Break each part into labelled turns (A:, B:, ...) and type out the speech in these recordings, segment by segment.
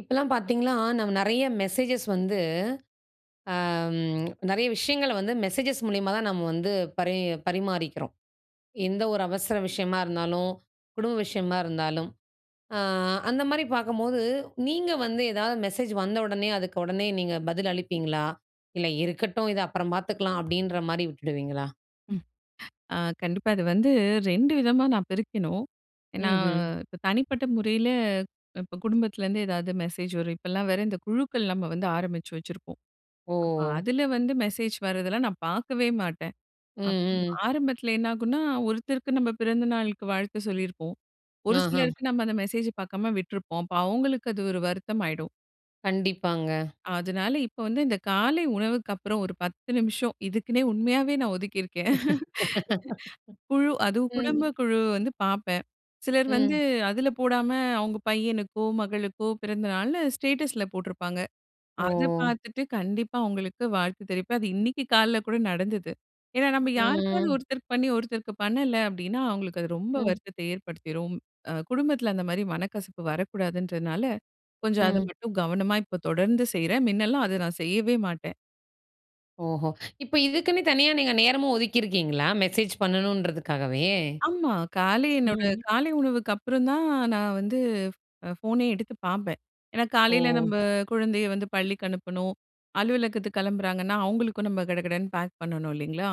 A: இப்பலாம் பார்த்தீங்கனா, நம்ம நெறைய மெசேஜஸ் வந்து அ நெறைய விஷயங்கள வந்து மெசேஜஸ் மூல்யமா தான் நம்ம வந்து பரி பரிமாறிக்கிறோம். எந்த ஒரு அவசர விஷயமா இருந்தாலும், குடும்ப விஷயமா இருந்தாலும். அ அந்த மாரி பார்க்கும்போது நீங்க வந்து எதாவது மெசேஜ் வந்த ஒடனே அதுக்கு உடனே நீங்க பதில் அளிப்பீங்களா? 'இல்ல இருக்கட்டும் இத அப்புறம் பாத்துக்கலாம்.' அப்டின்ற மாதிரி விட்டுடுவீங்களா?
B: ம். அ கண்டிப்பா அது வந்து 2 விதமா நான் பிரிக்கணும். என்னா
A: ம்ஹ்ம்.
B: இப்ப தனிப்பட்ட முறைல இப்ப குடும்பத்துல இருந்து எதாவது மெசேஜ் வரும். இப்பலாம் வேற இந்த குழுக்கள் நம்ம வந்து ஆரம்பிச்சு வச்சிருப்போம்.
A: ஓ!
B: அப்ப அதுல வந்து மெசேஜ் வர்றதெல்லாம் நான் பார்க்கவே மாட்டேன்.
A: ம்
B: அப்
A: ம்.
B: ஆரம்பத்துல என்ன ஆகும்னா, ஒருத்தருக்கு நம்ம பிறந்தநாளுக்கு வாழ்த்து சொல்லிருப்போம், ஒரு
A: ஆஹ.
B: சிலருக்கு நம்ம அந்த மெசேஜ பாக்காம விட்ருப்போம். அப்ப அவங்களுக்கு அது ஒரு வருத்தமாயிடும்.
A: கண்டிப்பாங்க.
B: அதனால இப்ப வந்து இந்த காலை உணவுக்கு அப்புறம் ஒரு 10 நிமிஷம் இதுக்குன்னே உண்மையாவே நான் ஒதுக்கி இருக்கேன். குழு அதுவும்
A: ம்.
B: குடும்ப குழு வந்து பார்ப்பேன். சிலர் வந்து
A: ம்.
B: அதுல போடாம, அவங்க பையனுக்கோ மகளுக்கோ பிறந்தநாள்னு ஸ்டேட்டஸ்ல போட்ருப்பாங்க. அது
A: ஓ.
B: பார்த்துட்டு கண்டிப்பா அவங்களுக்கு வாழ்த்து தெரிவிப்பேன். அது இன்னிக்கு காலைல கூட நடந்தது. ஏன்னா நம்ம யாருக்காவது
A: ம்.
B: ஒருத்தருக்கு பண்ணி ஒருத்தருக்கு பண்ணல அப்டின்னா, அவங்களுக்கு அது ரொம்ப
A: ம்.
B: வருத்தத்த ஏற்படுத்திரும். குடும்பத்துல அந்த மாதிரி மனக்கசப்பு வரக்கூடாதுன்றதுனால கொஞ்சம் அத
A: ம்.
B: மட்டும் கவனமா இப்ப தொடர்ந்து செய்றேன். முன்னல்லாம் அது நான் செய்யவே மாட்டேன்.
A: ஓஹோ! இப்ப இதுக்குன்னே தனியா நீங்க நேரமும் ஒதுக்கிருக்கீங்களா? மெசேஜ் பண்ணனும்ன்றதுக்காகவே.
B: ஆமா, காலை என்னோட
A: ம்.
B: காலை உணவுக்கு அப்புறம் தான் நான் வந்து அ ஃபோனே எடுத்து பார்ப்பேன். என்னா காலைல
A: ஓ!
B: நம்ப குழந்தைய வந்து பள்ளிக்கு அனுப்பணும், அலுவலகத்துக்கு கிளம்புறாங்கன்னா அவங்களுக்கும் நம்ம கடகடன்னு பேக் பண்ணனும் இல்லிங்களா?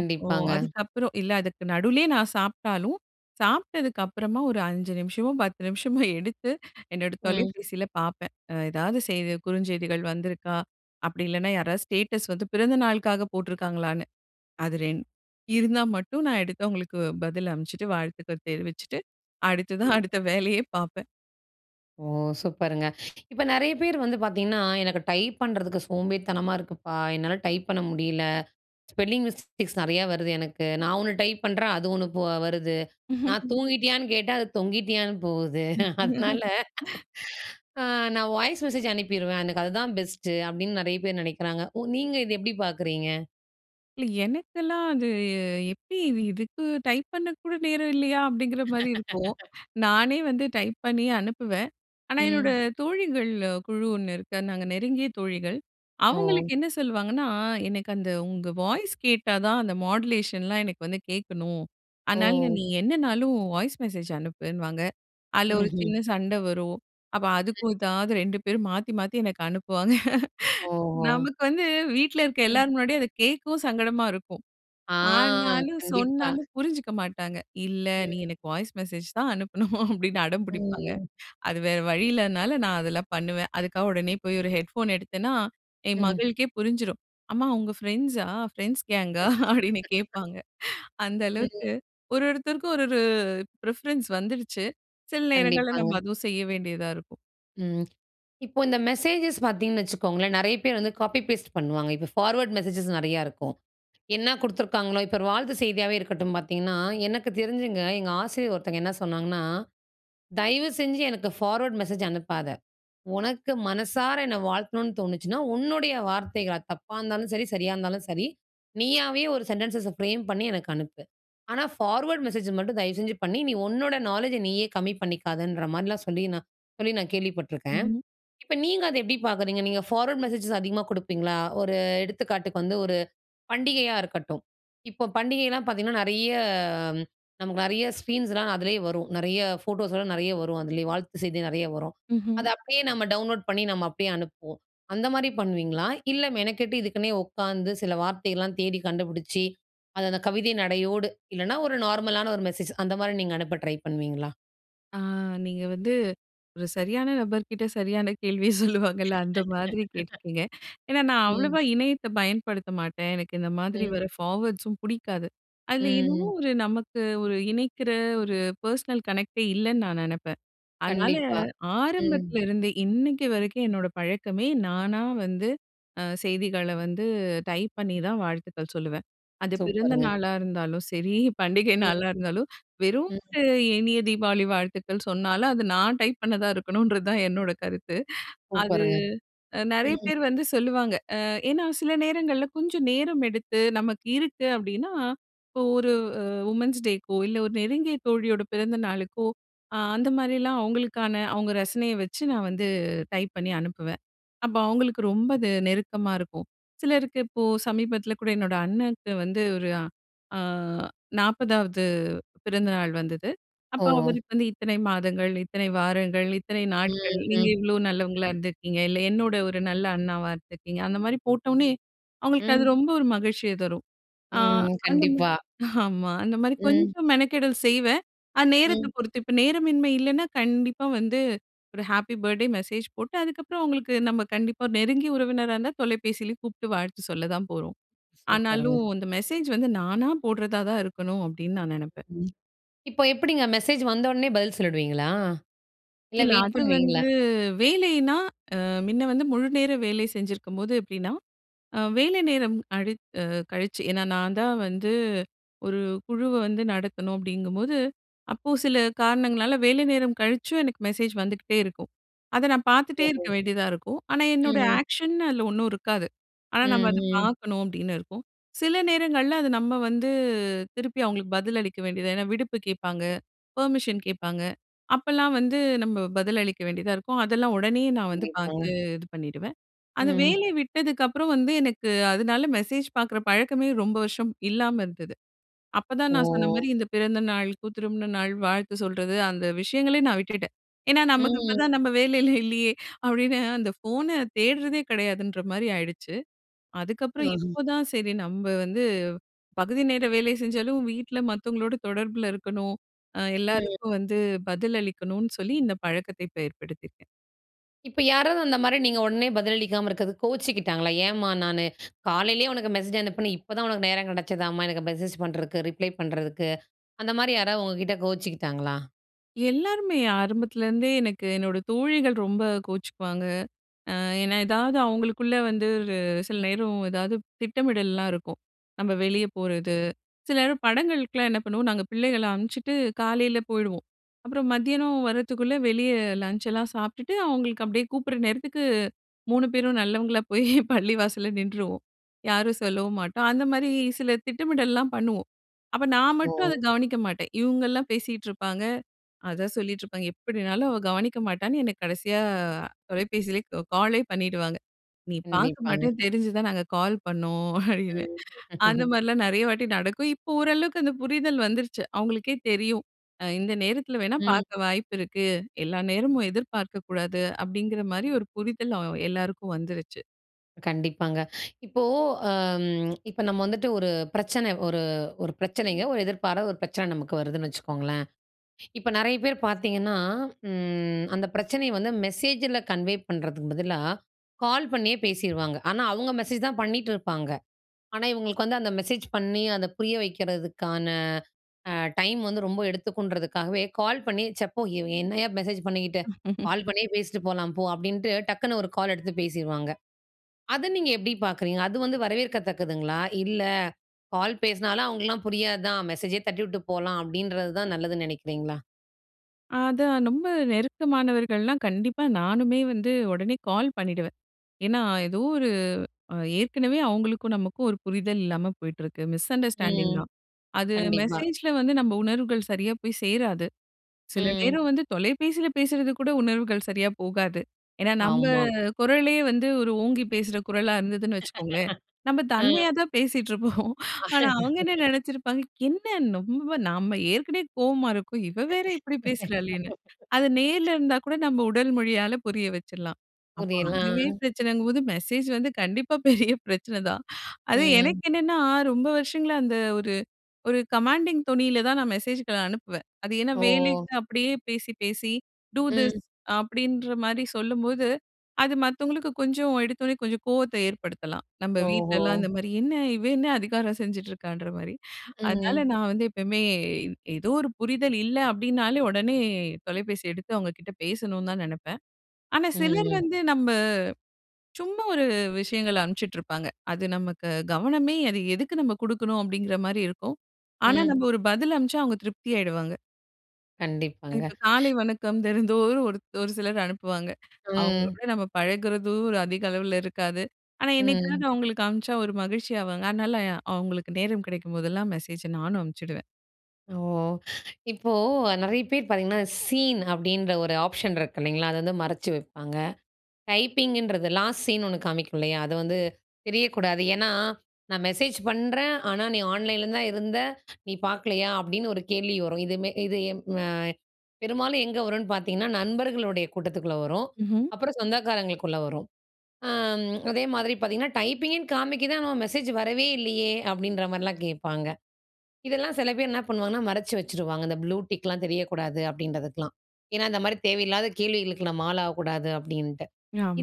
B: அப்போ அதுக்கப்பறம் இல்ல அதுக்கு நடுலயே நான் சாப்ட்டாலும், சாப்ட்டதுக்கப்றமா ஒரு 5 நிமிஷமோ, 10 நிமிஷமோ, எடுத்து என்னோட
A: ம்.
B: தொலைப்பேசில பார்ப்பேன். அ ஏதாவது செய்தி குறுஞ்செய்திகள் வந்திருக்கா? அப்டி இல்லன்னா யாராவது ஸ்டேட்டஸ் பிறந்த நாளுக்காக போட்ருக்காங்களான்னு. அது 2 இருந்தா மட்டும் நான் எடுத்து அவங்களுக்கு பதில் அனுப்ச்சிட்டு வாழ்த்துக்கள் தெரிவிச்சிட்டு அடுத்ததா
A: ம்.
B: அடுத்த வேலையே பார்ப்பேன்.
A: ஓ! சூப்பர்ங்க. இப்ப நெறைய பேர் வந்து பாத்தீங்கன்னா எனக்கு டைப் பண்றதுக்கு சோம்பேறித்தனமா இருக்குப்பா, என்னால டைப் பண்ண முடியல, ஸ்பெல்லிங் மிஸ்டேக்ஸ் நெறைய வருது எனக்கு, நான் 1 டைப் பண்றேன் அது 1 வருது. நான் தூங்கிட்டியான்னு கேட்டா அது தொங்கிட்டியான்னு போகுது. அதனால அ நான் வாய்ஸ் மெசேஜ் அனுப்பிருவேன் எனக்கு அதுதான் பெஸ்ட்டு அப்டின்னு நெறைய பேர் நினைக்கிறாங்க. உ நீங்க இத எப்டி பாக்கிறீங்க?
B: இல்லை. எனக்கெல்லாம் அது எப்படி இது இதுக்கு டைப் பண்ண கூட நேரம் இல்லையா? அப்படிங்கிற மாதிரி இருக்கும். நானே வந்து டைப் பண்ணி அனுப்புவேன். ஆனா என்னோட
A: ம்.
B: தோழிகள் குழு 1 இருக்கு. நாங்க நெருங்கிய தோழிகள்.
A: ஓ!
B: அவங்களுக்கு என்ன சொல்லுவாங்கன்னா, "எனக்கு அந்த உங்க வாய்ஸ் கேட்டா தான். அந்த மாடுலேஷன்லாம் எனக்கு வந்து கேட்கணும். அதனால
A: ஓ!
B: நீ என்னனாலும் உன் வாய்ஸ் மெசேஜ் அனுப்புன்னு" வாங்க. அதில ஒரு
A: ம்ஹ்ம்.
B: சின்ன சண்டை வரும். அப்ப
A: அ.
B: அதுக்கும் ஏதாவது 2 பேரும் மாத்தி மாத்தி எனக்கு அனுப்புவாங்க.
A: ஓஹோ!
B: நமக்கு வந்து வீட்ல இருக்க
A: ம்.
B: எல்லார் முன்னாடியும் அத கேட்கவும் சங்கடமா இருக்கும்.
A: ஆ.
B: ஆனாலும்
A: கண்டிப்பா.
B: சொன்னாலும் புரிஞ்சுக்க மாட்டாங்க. "இல்லை, நீ
A: ம்.
B: எனக்கு வாய்ஸ் மெசேஜ் தான் அனுப்பணும்."அப்படின்னு அடம்
A: ம்,
B: புடிப்பாங்க.
A: ம்.
B: அது வேற வழி இல்லைனால நான் அதெல்லாம் பண்ணுவேன். அதுக்காக உடனே போய் ஒரு ஹெட்ஃபோன் எடுத்தேன்னா, என்
A: ம்.
B: மகளுக்கே புரிஞ்சிரும். "அம்மா உங்கள் ஃப்ரெண்ட்ஸா? ஃப்ரெண்ட்ஸ் கேங்கா?" அப்படின்னு கேட்பாங்க. அந்த
A: ம்.
B: அளவுக்கு. ஒரு ஒருத்தருக்கும் ஒரு ஒரு பிரிஃபரன்ஸ் வந்துருச்சு. சில நேரங்கள்ல நம்ம
A: கண்டிப்பாங்க.
B: அதுவும் செய்ய வேண்டியதா இருக்கும்.
A: ம். இப்போ இந்த மெசேஜஸ் பார்த்தீங்கன்னு வச்சுக்கோங்களேன், நெறைய பேர் வந்து காப்பி பேஸ்ட் பண்ணுவாங்க. இப்ப ஃபார்வர்ட் மெசேஜஸ் நெறைய இருக்கும். என்னா குடுத்துருக்காங்களோ இப்ப ஒரு வாழ்த்து செய்தியாவே இருக்கட்டும் பார்த்தீங்கன்னா, எனக்கு தெரிஞ்சுங்க எங்க ஆசிரியர் ஒருத்தங்க என்ன சொன்னாங்கன்னா, தயவு செஞ்சு எனக்கு ஃபார்வர்ட் மெசேஜ் அனுப்பாத. உனக்கு மனசார என்னை வாழ்த்தணும்னு தோணுச்சுனா உன்னுடைய வார்த்தைகள், அது தப்பா இருந்தாலும் சரி, சரியா இருந்தாலும் சரி. நீயாவே ஒரு சென்டென்ஸஸை ஃப்ரேம் பண்ணி எனக்கு அனுப்பு. ஆனா ஃபார்வர்ட் மெசேஜ மட்டும் தயவுசெஞ்சு பண்ணி, நீ உன்னோட நாலெட்ஜ்ஜை நீயே கம்மி பண்ணிக்காதன்ற மாரிலாம் சொல்லி, நான் சொல்லி நான் கேள்விப்பட்டுருக்கேன்.
B: ம்ஹ்ம்.
A: இப்ப நீங்க அதை எப்படி பார்க்குறீங்க? நீங்க ஃபார்வர்ட் மெசேஜஸ் அதிகமா குடுப்பீங்களா? ஒரு எடுத்துக்காட்டுக்கு வந்து, ஒரு பண்டிகையா இருக்கட்டும். இப்போ பண்டிகைலாம் பார்த்தீங்கன்னா, நெறைய நமக்கு நெறைய ஸ்கிரீன்ஸ்லாம் அதிலேயே வரும். நெறைய ஃபோட்டோஸ்லாம் நெறைய வரும் அதிலேயே. வாழ்த்து செய்தி நெறைய வரும்.
B: ம்ஹ்ம்.
A: அதை அப்படியே நம்ம டவுன்லோட் பண்ணி, நம்ம அப்படியே அனுப்புவோம். அந்தமாரி பண்ணுவீங்களா? இல்லை, மெனக்கெட்டு இதுக்குனே உட்காந்து, சில வார்த்தைலாம் தேடி கண்டுபுடிச்சு, அது அத கவிதை நடையோடு, இல்லைனா ஒரு நார்மலான ஒரு மெசேஜ் அந்த மாரி நீங்க அனுப்ப ட்ரை பண்ணுவீங்களா?
B: ஆ நீங்க வந்து ஒரு சரியான நபர் கிட்ட சரியான கேள்விய சொல்லுவாங்கல்ல அந்த மாதிரி கேட்ருக்கீங்க. ஏன்னா நான்
A: ம்.
B: அவ்வளவா இணையத்த பயன்படுத்த மாட்டேன். எனக்கு இந்த மாதிரி
A: ம்.
B: வர்ற பார்வேர்ட்ஸ்ஸும் பிடிக்காது.
A: ம்
B: அதுல ஏதோ
A: ம்.
B: ஒரு நமக்கு, ஒரு இணைக்கிற ஒரு பெர்சனல் கனெக்ட்டே இல்லைன்னு நான் நெனப்பேன். அதனால,
A: கண்டிப்பா, ம்.
B: ஆரம்பத்துலருந்தே, இன்னிக்கு வரைக்கும் என்னோட பழக்கமே நானா வந்து, அ செய்திகள வந்து டைப் பண்ணிதான் வாழ்த்துக்கள் சொல்லுவேன். அது
A: சூப்பர்‌ங்க.
B: பிறந்தநாளா இருந்தாலும் சரி, பண்டிகை நாளா இருந்தாலும்,
A: [unintelligible]
B: வெறும்
A: ம்.
B: ஒரு இனிய தீபாவளி வாழ்த்துக்கள் சொன்னாலும், அது நான் டைப் பண்ணதா இருக்கணும்ன்றதுதான் என்னோட கருத்து. அது
A: சூப்பருங்க,
B: நெறைய
A: ம்.
B: பேர் வந்து சொல்லுவாங்க. அ ஏன்னா சில நேரங்கள்ல கொஞ்சம் நேரம் எடுத்து, நமக்கு இருக்கு அப்டின்னா, இப்போ ஒரு வுமன்ஸ் டேக்கோ இல்ல ஒரு நெருங்கிய தோழியோட பிறந்தநாளுக்கோ, அ அந்த மாரிலாம் அவுங்களுக்கான அவுங்க ரசனைய வச்சு நான் வந்து டைப் பண்ணி அனுப்புவேன். அப்ப அவுங்களுக்கு ரொம்ப அது நெருக்கமா இருக்கும். சிலருக்கு இப்போ சமீபத்துல கூட என்னோட அண்ணனுக்கு வந்து ஒரு அ 40வது பிறந்தநாள் வந்தது. அப்ப
A: ஓ!
B: அவருக்கு வந்து இத்தனை மாதங்கள், இத்தனை வாரங்கள், இத்தனை
A: ம்.
B: நாட்கள், நீங்க
A: ம்.
B: இவ்வளோ நல்லவங்களா இருந்திருக்கீங்க, இல்ல என்னோட ஒரு நல்ல அண்ணாவா இருந்திருக்கீங்க, அந்த மாரி போட்டவோனே, அவுங்களுக்கு அது
A: ம்.
B: ரொம்ப ஒரு மகிழ்ச்சியை தரும். ஆ
A: ம்,
B: அந்தமா
A: கண்டிப்பா.
B: ஆமா, அந்த மாரி
A: ம்.
B: கொஞ்சம் மெனக்கெடல் செய்வேன் அ நேரத்த
A: ம்.
B: பொறுத்து. இப்ப நேரமின்மை இல்லைன்னா, கண்டிப்பா வந்து, ஒரு ஹாப்பி பர்த்டே மெசேஜ் போட்டு அதுக்கப்றம் அவுங்களுக்கு நம்ம கண்டிப்பா ஒரு நெருங்கிய உறவினரா இருந்தா தொலைபேசியில கூப்ட்டு வாழ்த்து சொல்லத்தான் போறோம்.
A: சூப்பர்‌ங்க.
B: ஆனாலும் இந்த மெசேஜ் வந்து நானா போடறதா தான் இருக்கணும் அப்டின்னு நான் நெனப்பேன்.
A: ம், இப்போ எப்புடிங்க மெசேஜ் வந்த ஒடனே பதில் சொல்லிடுவீங்களா? இல்ல
B: இல்ல,
A: வெயிட்
B: அது
A: பண்ணுவீங்களா?
B: வந்து வேலைன்னா அ மின்ன வந்து முழுநேர வேலை செஞ்சிருக்கும்போது எப்டின்னா! அ வேலை நேரம் கழித் அ கழிச்சு என்னா நான்தான் வந்து 1 குழுவ வந்து நடத்தணும் அப்டிங்கும்போது, அப்போ சில காரணங்களால வேலை நேரம் கழிச்சும் எனக்கு மெசேஜ் வந்துக்கிட்டே இருக்கும். அத நான் பார்த்துட்டே இருக்க
A: ஓஹோ!
B: வேண்டியதா இருக்கும். ஆனா என்னோட
A: ம் ம்.
B: ஆக்க்ஷன் அதுல ஒண்ணும் இருக்காது. ஆனா நம்ம அத
A: ம். ம்.
B: பாக்கணும் அப்டின்னு இருக்கும். சில நேரங்கள்ல அது நம்ம வந்து, திருப்பி அவுங்களுக்கு பதில் அளிக்க வேண்டியதா ஏன்னா விடுப்பு கேப்பாங்க, பெர்மிஷன் கேட்பாங்க, அப்பல்லாம் வந்து நம்ப பதில் அளிக்க வேண்டியதா இருக்கும். அதெல்லாம் ஒடனே நான் வந்து பாத்து
A: கண்டிப்பாங்க.
B: இது பண்ணிடுவேன். அந்த
A: ம்.
B: வேலை விட்டதுக்கப்புறம் வந்து, எனக்கு அதுனால மெசேஜ் பாக்குற பழக்கமே ரொம்ப வருஷம் இல்லாம இருந்தது. அப்பதான் நான் சொன்ன மாரி
A: ஓ!
B: இந்த பிறந்தநாளுக்கோ, திருமண நாள் வாழ்த்து சொல்றது, அந்த விஷயங்களையே நான் விட்டுட்டேன். "ஏன்னா நமக்கு இப்ப
A: ம்.
B: நம்ப வேலையில இல்லையே," அப்டின்னு அந்த போன தேடுறதே கிடையாதுன்ற மாரி ஆயிடுச்சு. அதுக்கப்புறம்
A: ஆஹம்.
B: இப்போதான் சரி நம்ப வந்து, பகுதிநேர வேலை செஞ்சாலும் வீட்ல மத்தவங்களோட தொடர்புல இருக்கணும். அ
A: ம்.
B: எல்லாருக்கும் வந்து பதில் அளிக்கணும்னு சொல்லி இந்த பழக்கத்த இப்ப ஏற்படுத்திருக்கேன்.
A: இப்ப யாராவது அந்த மாரி நீங்க ஒடனே பதில் அளிக்காம இருக்கறதுக்கு கோச்சுகிட்டாங்களா? "ஏன் மா நானு, காலையிலேயே உனக்கு மெசேஜ் அனுப்புனேன் இப்பதான் உனக்கு நேரம் கெடச்சதாமா? எனக்கு மெசேஜ் பண்றதுக்கு, ரிப்ளை பண்றதுக்கு?" அந்த மாரி யாராவது உங்ககிட்ட கோச்சுகிட்டாங்களா?
B: எல்லாருமே. ஆரம்பத்துலருந்தே, எனக்கு என்னோட தோழிகள் ரொம்ப கோச்சுக்குவாங்க. அ ஏன்னா ஏதாவது அவுங்களுக்குள்ள வந்து, ஒரு சில நேரம் ஏதாவது திட்டமிடல்லாம் இருக்கும். நம்ப வெளிய போறது. சில நேரம் படங்களுக்குலாம் என்ன பண்ணுவோம் பிள்ளைகள அனுப்ச்சுட்டு காலைல போயிடுவோம். அப்றம் மத்தியானம் வர்றதுக்குள்ள, வெளிய லஞ்ச்சலாம் சாப்ட்டுட்டு அவுங்களுக்கு அப்டியே கூப்டுற நேரத்துக்கு 3 பேரும் நல்லவங்களா போயி பள்ளி வாசல்ல நின்றுவோம். யாரும் சொல்லவும் மாட்டோம். அந்த மாரி சில திட்டமிடல்லாம் பண்ணுவோம். அப்ப நான் மட்டும் அத
A: ஒ!
B: கவனிக்க மாட்டேன். இவுங்க எல்லாம் பேசிட்டுருப்பாங்க அத சொல்லிட்டுருப்பாங்க எப்படினாலும் அவ கவனிக்க மாட்டான்னு என்ன கடைசியா தொலைபேசிலேயே க காலே பண்ணிடுவாங்க. "நீ பாக்க
A: கண்டிப்பாங்க.
B: மாட்டன்னு தெரிஞ்சுதான் நாங்க கால் பண்ணோம்" அப்டின்னு.
A: ம்.
B: அந்த மாரிலாம் நெறைய வாட்டி நடக்கும். இப்போ ஓரளவுக்கு அந்த புரிதல் வந்துருச்சு, அவுங்களுக்கே தெரியும். அ "இந்த நேரத்துல வேணா
A: ம்.
B: பாக்க வாய்ப்பு இருக்கு, எல்லா நேரமும் எதிர்பார்க்கக் கூடாது." அப்டிங்கிற மாரி ஒரு புரிதல் அ எல்லாருக்கும் வந்துருச்சு.
A: கண்டிப்பாங்க. இப்போ அம் இப்போ நம்ம வந்துட்டு ஒரு பிரச்சனை ஒரு ஒரு பிரச்சனைங்க ஒரு எதிர்பாரா ஒரு பிரச்சனை நமக்கு வருதுன்னு வச்சுக்கோங்களேன். இப்ப நெறைய பேர் பாத்தீங்கன்னா, ம் அந்த பிரச்சனையை வந்து மெசேஜில கன்வே பண்ணுறதுக்கு பதிலா, கால் பண்ணியே பேசிருவாங்க. ஆனா அவங்க மெசேஜ் தான் பண்ணிட்டு இருப்பாங்க. ஆனா, இவங்களுக்கு வந்து அந்த மெசேஜ் பண்ணி, அதை புரிய வைக்கிறதுக்கான அ, டைம் வந்து ரொம்ப எடுத்துக்குன்றதுக்காகவே கால் பண்ணி "ச்ச போ இவ என்னயா மெசேஜ் பண்ணிக்கிட்டு, கால் பண்ணியே பேசிட்டு போலாம் போ" அப்படின்ட்டு டக்குனு ஒரு கால் எடுத்து பேசிருவாங்க. அதை நீங்க எப்படி பாக்குறீங்க? அது வந்து வரவேற்கத்தக்குதுங்களா? "இல்லை கால் பேசினாலும் அவங்களாம் புரியாது தான். மெசேஜே தட்டிவிட்டு போலாம்" அப்படின்றது தான் நல்லதுன்னு நினைக்கிறீங்களா?
B: அதான் ரொம்ப நெருக்கமானவர்கள்லாம், கண்டிப்பா நானுமே வந்து உடனே கால் பண்ணிடுவேன். ஏன்னா, ஏதோ ஒரு ஏற்கனவே அவங்களுக்கும், நமக்கும் ஒரு புரிதல் இல்லாம போயிட்டிருக்கு மிஸ் அண்டர்ஸ்டாண்டிங்
A: ம்.
B: தான். அது
A: கண்டிப்பா.
B: மெசேஜ்ல வந்து நம்ம உணர்வுகள் சரியா போய் சேராது. சில
A: ம்.
B: நேரம் வந்து தொலைபேசில பேசுறது கூட உணர்வுகள் சரியா போகாது. ஏன்னா நம்ம
A: ஆமா.
B: குரலே வந்து ஒரு ஓங்கி பேசுகிற குரலா இருந்ததுன்னு வச்சுக்கோங்களேன். நம்ம
A: ம்.
B: தன்மையா தான் பேசிகிட்டு இருப்போம். ஆனா அவங்க என்ன நினைச்சிருப்பாங்க, "என்ன ரொம்ப நம்ம ஏற்கனவே கோவமா இருக்கோம். இவ வேற இப்படி பேசுறாளேன்னு". அத நேரில இருந்தா கூட நம்ம உடல் மொழியால புரிய வச்சிடலாம். அப்போ, அதுவே
A: புரியலாம்.
B: பிரச்சனைங்கும்போது மெசேஜ் வந்து கண்டிப்பா பெரிய பிரச்சனை தான். அது
A: ம்.
B: எனக்கு என்னன்னா, ரொம்ப வருஷங்களா அந்த ஒரு ஒரு கமாண்டிங் தோணில தான் நான் மெசேஜ்களை அனுப்புவேன். அது ஏன்னா
A: ஓ!
B: வேலைக்கு அப்படியே பேசி, பேசி, "டூ திஸ்"
A: ம்.
B: அப்படின்ற மாதிரி சொல்லும்போது, அது மத்தவங்களுக்கு கொஞ்சம் எடுத்தோனே கொஞ்சம் கோவத்தை ஏற்படுத்தலாம். நம்ம
A: ஓஹோ!
B: வீட்லலாம் இந்த மாரி "என்ன இவ என்ன அதிகாரம் செஞ்சுட்ருக்கான்ற மாரி?" அதனால,
A: ம்.
B: நான் வந்து எப்பவுமே, ஏதோ ஒரு புரிதல் இல்லை அப்படின்னாலே, உடனே தொலைபேசி எடுத்து அவங்க கிட்ட பேசணும்னு தான் நெனப்பேன். ஆனா சிலர்
A: ம்.
B: வந்து நம்ம, சும்மா ஒரு விஷயங்களை அனுப்பிச்சுட்டுருப்பாங்க. அது நமக்கு கவனமே அது "எதுக்கு நம்ம குடுக்கணும்?" அப்படிங்கிற மாரி இருக்கும். ஆனா
A: ம்.
B: நம்ம ஒரு பதில் அனுப்ச்சா அவங்க திருப்தி ஆயிடுவாங்க. அ
A: கண்டிப்பாங்க.
B: இப்ப காலை வணக்கம் தினந்தோறும் ஒருத் ஒரு சிலர் அனுப்புவாங்க.
A: ம்.
B: அவங்களோட நம்ம பழகுறதும் அதிக அளவுல இருக்காது. ஆனா,
A: ம்.
B: என்னைக்காவது அவங்களுக்கு அனுப்பிச்சா ஒரு மகிழ்ச்சி ஆவாங்க. அதனால அவங்களுக்கு நேரம் கிடைக்கும் போதெல்லாம் மெசேஜ நானும் அனுப்பிச்சுடுவேன்.
A: ஓ! இப்போ நெறைய பேர் பாத்தீங்கன்னா, சீன் அப்டின்ற ஒரு ஆப்ஷன் இருக்கு இல்லைங்களா? அத வந்து மறைச்சு வைப்பாங்க. டைப்பிங்குன்றது, லாஸ்ட் சீன் ஒண்ணு காமிக்கும் இல்லையா? அது வந்து தெரியக்கூடாது, ஏன்னா "நான் மெசேஜ் பண்றேன், ஆனா நீ ஆன்லைன்ல தான் இருந்த, நீ பாக்கலையா?" அப்டின்னு ஒரு கேள்வி வரும். இது மெ இது, எம் அ பெரும்பாலும் எங்க வருன்னு பாத்தீங்கன்னா, நண்பர்களுடைய கூட்டத்துக்குள்ள வரும்,
B: ம்ஹ்ம்.
A: அப்பறம் சொந்தக்காரங்களுக்குள்ள வரும். அம் அதேமாரி பாத்தீங்கன்னா "டைப்பிங்குன்னு காமிக்குது, ஆனா மெசேஜ் வரவே இல்லையே?" அப்டின்ற மாரிலாம் கேட்பாங்க. இதெல்லாம் சில பேர் என்ன பண்ணுவாங்கன்னா மறைச்சு வச்சுருவாங்க. இந்த ப்ளூ டிக்ல்லாம் தெரியக்கூடாது அப்டின்றதுக்கலாம். ஏன்னா, இந்த மாரி தேவையில்லாத கேள்விகளுக்கு நம்ம ஆளாகக்கூடாது அப்படின்ட்டு.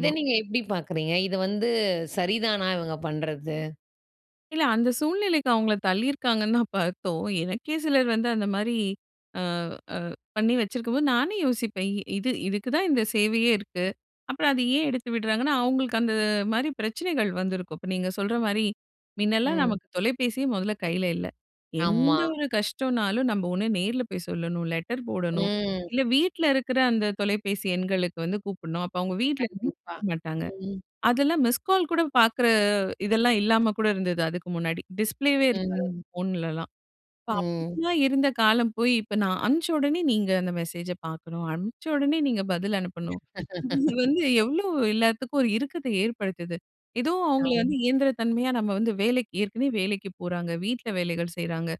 A: இத நீங்க எப்டி பாக்குறீங்க? இத வந்து சரிதானா இவங்க பண்றது?
B: இல்ல. அந்த சூழ்நிலைக்கு அவங்கள தள்ளியிருக்காங்கன்னு தான் பாத்தோம். எனக்கே சிலர் வந்து அந்த மாரி அ அ பண்ணி வச்சிருக்கும்போது நானே யோசிப்பேன், இ இது இதுக்கு தான் இந்த சேவையே இருக்கு. அப்பறம் அதை ஏன் எடுத்து விடுறாங்கன்னா, அவங்களுக்கு அந்த மாரி பிரச்சனைகள் வந்திருக்கும். இப்ப நீங்க சொல்ற மாரி, முன்னலாம்
A: ம்.
B: நமக்கு தொலைபேசியே மொதல்ல கையில இல்ல.
A: ஆமா.
B: எந்த ஒரு கஷ்டம்னாலும் நம்ம ஒண்ணு நேர்ல போய் சொல்லணும், லெட்டர் போடணும்,
A: ம்.
B: இல்ல வீட்ல இருக்குற அந்த தொலைபேசி எண்களுக்கு வந்து கூப்டணும். அப்போ அவங்க வீட்ல வந்து
A: கண்டிப்பா.
B: குடுக்க மாட்டாங்க.
A: ம்.
B: அதெல்லாம் மிஸ்கால் கூட பாக்குற இதெல்லாம் இல்லாம கூட இருந்தது அதுக்கு முன்னாடி. டிஸ்ப்ளேவே இருக்காது அந்த
A: ம்.
B: ஃபோன்லலாம். இப்ப
A: ம்.
B: அப்டிலாம் இருந்த காலம் போய், இப்ப நான் அனுப்ச்ச உடனே நீங்க அந்த மெசேஜ பாக்கணும், அனுப்ச உடனே நீங்க பதில் அனுப்பணும். இது வந்து எவ்ளோ எல்லாத்துக்கும் ஒரு இருக்கத்த ஏற்படுத்துது? ஏதோ அவங்கள வந்து
A: அம்.
B: இயந்திரத் தன்மையா, நம்ம வந்து வேலைக்கு ஏற்கனவே வேலைக்கு போறாங்க. வீட்ல வேலைகள் செய்றாங்க.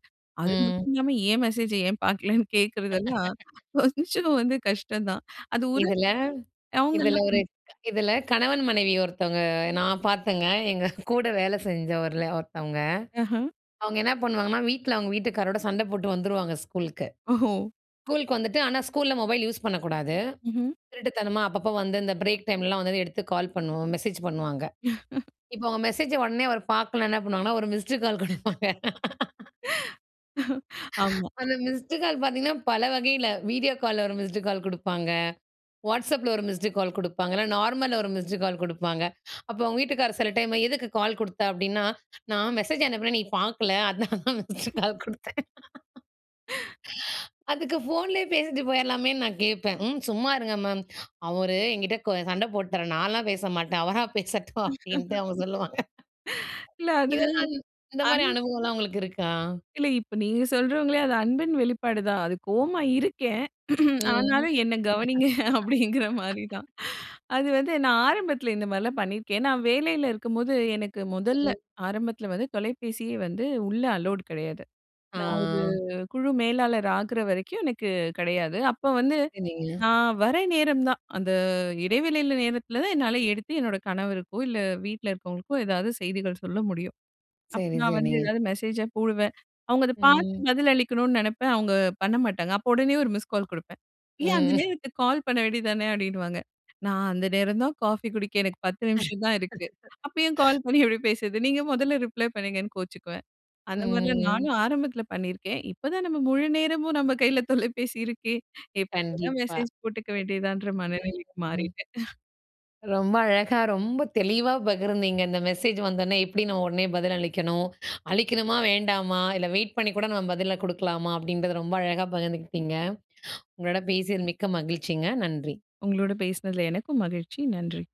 B: அது
A: ம்.
B: மட்டும் இல்லாம ஏன் மெசேஜை ஏன் பாக்கலன்னு கேட்கிறதெல்லாம் கொஞ்சம் வந்து கஷ்டந்தான். அது ஒரு
A: இதில இதில
B: அவங்கள்லாம்
A: ஒரு
B: ம்.
A: க் இதில கணவன் மனைவி ஒருத்தவங்க நான் பார்த்தேங்க. எங்க கூட வேல செஞ்சவர்ல ஒருத்தவங்க.
B: அஹ.
A: அவங்க என்னா பண்ணுவாங்கன்னா, வீட்ல அவங்க வீட்டுக்காரரோட சண்ட போட்டு வந்துருவாங்க ஸ்கூலுக்கு.
B: ஒஹோ!
A: ஸ்கூலுக்கு வந்துட்டு ஆனா ஸ்கூல்ல மொபைல் யூஸ் பண்ணக்கூடாது.
B: ம்ஹ்ம்.
A: திருட்டுத்தனமா அப்பப்போ வந்து இந்த பிரேக் டைம்லலாம் வந்தோனே எடுத்து கால் பண்ணுவோம் மெசேஜ் பண்ணுவாங்க. இப்ப அவங்க மெசேஜ உடனே அவர் பார்க்கலன்னா என்ன பண்ணுவாங்கன்னா ஒரு மிஸ்டு கால் குடுப்பாங்க.
B: ஆமா.
A: அந்த மிஸ்டு கால் பார்த்தீங்கன்னா பல வகையில. வீடியோ கால்ல ஒரு மிஸ்டு கால் குடுப்பாங்க, WhatsAppல ஒரு மிஸ்டு கால் குடுப்பாங்கன்னா, நார்மல்ல ஒரு மிஸ்டு கால் குடுப்பாங்க. அப்ப அவங்க வீட்டுக்காரர் சில டைம் "எதுக்கு கால் குடுத்த?" அப்டின்னா, "நான் மெசேஜ் அனுப்பினேன், நீ பாக்கல. அதனால தான், மிஸ்டு கால் குடுத்தேன்." அதுக்கு ஃபோன்லேயே பேசிட்டு போயிரலாமேன்னு நான் கேட்பேன். "ம். சும்மா இருங்க மேம். அவரு என்கிட்ட கோ சண்ட போட்டாரு. நான்லாம் பேச மாட்டேன். அவரா பேசட்டும்." அப்டின்ட்டு அவங்க சொல்லுவாங்க.
B: இல்ல அது,
A: இதெல்லாம், இந்த மாரி
B: அன்
A: அனுபவம்லாம் உங்களுக்கு இருக்கா?
B: இல்ல. இப்ப நீங்க சொல்றவங்களே அது அன்பின் வெளிப்பாடுதான். அது "கோவமா இருக்கேன்,
A: ம்.
B: ஆனாலும் என்ன கவனிங்க" அப்டிங்கிற மாரிதான். அது வந்து நான் ஆரம்பத்தில இந்த மாரிலாம் பண்ணியிருக்கேன். நான் வேலையில இருக்கும்போது எனக்கு முதல்ல
A: ம்.
B: ஆரம்பத்தில வந்து தொலைபேசியே வந்து உள்ள அலோட் கெடையாது.
A: ஆ
B: நான் ஒரு குழு மேலாளர் ஆகுற வரைக்கும் எனக்கு கெடையாது. அப்ப வந்து
A: சரிங்க.
B: நான் வர நேரம் தான், அந்த இடைவெளில நேரத்தில தான் என்னால எடுத்து என்னோட கணவருக்கோ, இல்ல வீட்ல இருக்கவங்களுக்கோ ஏதாவது செய்திகள் சொல்ல முடியும். அப்ப
A: சரி,
B: நான் வந்து
A: சரிங்க.
B: எதாவது மெசேஜ போடுவேன். அவங்க அத பாத்து
A: ம்.
B: பதில் அளிக்கணும்னு நினைப்பேன். அவங்க பண்ண மாட்டாங்க. அப்போ உடனே ஒரு மிஸ்கால் குடுப்பேன். "ஏன் அந்த
A: ம்.
B: நேரத்துக்கு கால் பண்ண வேண்டியது தான" அப்டின்னுவாங்க. நான் அந்த நேரம் தான் "காஃபி குடிக்க எனக்கு 10 நிமிஷம் தான் இருக்கு. அப்பயும் கால் பண்ணி எப்டி பேசுறது? நீங்க முதல்ல ரிப்ளை பண்ணுங்கன்னு" கோச்சுக்குவேன். அந்த மாரிலாம்
A: ம்.
B: நானும் ஆரம்பத்துல பண்ணியிருக்கேன். இப்ப தான் நம்ம முழு நேரமும் நம்ம கையில தொலைபேசி இருக்கு. எப்ப வேணா
A: கண்டிப்பா.
B: மெசேஜ் போட்டுக்க வேண்டியாதன்ற
A: ம்.
B: மனநிலைக்கு
A: ம்.
B: மாறிட்டேன்.
A: ரொம்ப அழகா, ரொம்ப தெளிவா பகிர்ந்தீங்க, இந்த மெசேஜ் வந்தோனே எப்டி நம்ம உடனே பதில் அளிக்கணும்? அளிக்கணுமா? வேண்டாமா? இல்ல வெயிட் பண்ணி கூட நம்ம பதில குடுக்கலாமா?" அப்டின்றத ரொம்ப அழகா பகிர்ந்துக்கிட்டீங்க. உங்களோட பேசியது மிக்க மகிழ்ச்சிங்க. நன்றி.
B: உங்களோட பேசினதுல எனக்கும் மகிழ்ச்சி. நன்றி.